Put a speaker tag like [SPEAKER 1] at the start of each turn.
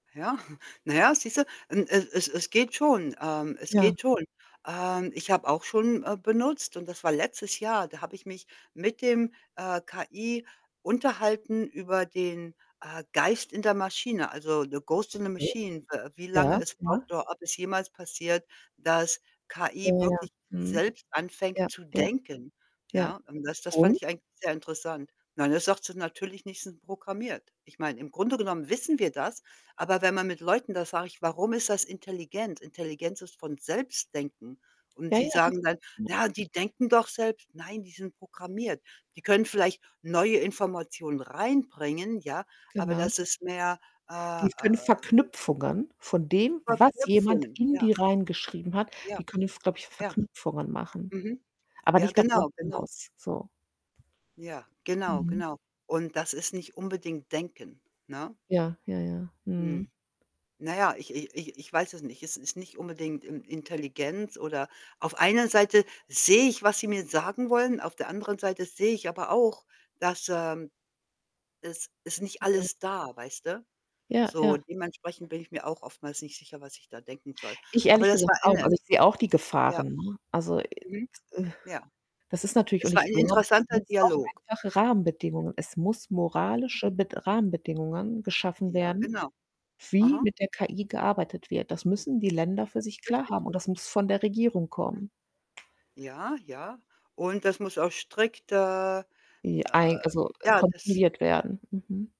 [SPEAKER 1] Ja, na ja, siehste, ähm, es es es geht schon. Ähm, es
[SPEAKER 2] Ja.
[SPEAKER 1] geht schon. Ähm, ich habe auch schon, äh, benutzt und das war letztes Jahr. Da habe ich mich mit dem, äh, KI unterhalten über den, äh, Geist in der Maschine, also, The Ghost in the
[SPEAKER 2] Okay.
[SPEAKER 1] Machine, w wie
[SPEAKER 2] Ja.
[SPEAKER 1] lange es braucht,
[SPEAKER 2] Ja.
[SPEAKER 1] oder ob es jemals passiert, dass
[SPEAKER 2] Ja,
[SPEAKER 1] KI
[SPEAKER 2] ja, ja.
[SPEAKER 1] wirklich
[SPEAKER 2] Mhm.
[SPEAKER 1] selbst anfängt
[SPEAKER 2] Ja,
[SPEAKER 1] zu
[SPEAKER 2] ja.
[SPEAKER 1] denken,
[SPEAKER 2] Ja.
[SPEAKER 1] ja? Und das das fand
[SPEAKER 2] Und?
[SPEAKER 1] ich eigentlich sehr interessant. Nein, das sagt sie natürlich nicht, sind programmiert. Ich meine, im Grunde genommen wissen wir das, aber wenn man mit Leuten da sage ich: „Warum ist das intelligent?“ Intelligenz ist von Selbstdenken. Und
[SPEAKER 2] Ja,
[SPEAKER 1] sie
[SPEAKER 2] ja, richtig,
[SPEAKER 1] sagen dann:
[SPEAKER 2] ne?
[SPEAKER 1] „Na die denken doch selbst.“ Nein, die sind programmiert. Die können vielleicht neue Informationen reinbringen, ja, aber
[SPEAKER 2] Genau.
[SPEAKER 1] das ist mehr äh, äh,
[SPEAKER 2] Die können
[SPEAKER 1] w
[SPEAKER 2] Verknüpfungen von dem, was jemand
[SPEAKER 1] Verknüpfungen,
[SPEAKER 2] in die
[SPEAKER 1] ja.
[SPEAKER 2] reingeschrieben hat die
[SPEAKER 1] Ja,
[SPEAKER 2] können jetzt, glaube ich,
[SPEAKER 1] ja.
[SPEAKER 2] Verknüpfungen machen,
[SPEAKER 1] Mhm.
[SPEAKER 2] aber
[SPEAKER 1] Ja,
[SPEAKER 2] nicht darüber
[SPEAKER 1] genau, genau.
[SPEAKER 2] hinaus, so.
[SPEAKER 1] Ja, genau,
[SPEAKER 2] Mhm.
[SPEAKER 1] genau. Und das ist nicht unbedingt denken, ne?
[SPEAKER 2] Ja, ja, ja. Mhm.
[SPEAKER 1] Hm. Na ja, ich i ich ich weiß es nicht. Es ist nicht unbedingt In Intelligenz oder auf einer Seite sehe ich, was sie mir sagen wollen, auf der anderen Seite sehe ich aber auch, dass, ähm es ist nicht
[SPEAKER 2] Ja.
[SPEAKER 1] alles da, weißt du?
[SPEAKER 2] Ja,
[SPEAKER 1] So,
[SPEAKER 2] ja.
[SPEAKER 1] dementsprechend bin ich mir auch oftmals nicht sicher, was ich da denken soll.
[SPEAKER 2] Ich
[SPEAKER 1] Aber
[SPEAKER 2] ehrlich
[SPEAKER 1] das
[SPEAKER 2] gesagt
[SPEAKER 1] war
[SPEAKER 2] auch.
[SPEAKER 1] eine
[SPEAKER 2] Also, ich sehe auch die
[SPEAKER 1] ja.
[SPEAKER 2] Gefahren, ne? Also,
[SPEAKER 1] Mhm. Ja.
[SPEAKER 2] das ist natürlich und
[SPEAKER 1] Es war
[SPEAKER 2] ich
[SPEAKER 1] ein
[SPEAKER 2] glaube, es
[SPEAKER 1] interessanter
[SPEAKER 2] muss auch
[SPEAKER 1] Dialog.
[SPEAKER 2] einfache
[SPEAKER 1] Hm.
[SPEAKER 2] Rahmenbedingungen es muss
[SPEAKER 1] Mhm.
[SPEAKER 2] moralische Bed Rahmenbedingungen geschaffen
[SPEAKER 1] Ja,
[SPEAKER 2] werden,
[SPEAKER 1] genau.
[SPEAKER 2] wie
[SPEAKER 1] Aha.
[SPEAKER 2] mit der KI gearbeitet wird. Das müssen die Länder für
[SPEAKER 1] Das
[SPEAKER 2] sich
[SPEAKER 1] ist
[SPEAKER 2] klar
[SPEAKER 1] richtig.
[SPEAKER 2] haben und das muss von der Regierung
[SPEAKER 1] Mhm.
[SPEAKER 2] kommen.
[SPEAKER 1] Ja, ja. Und das muss auch strikter
[SPEAKER 2] Ja.
[SPEAKER 1] äh,
[SPEAKER 2] Eig also,
[SPEAKER 1] ja, dass
[SPEAKER 2] kontrolliert werden. Mhm.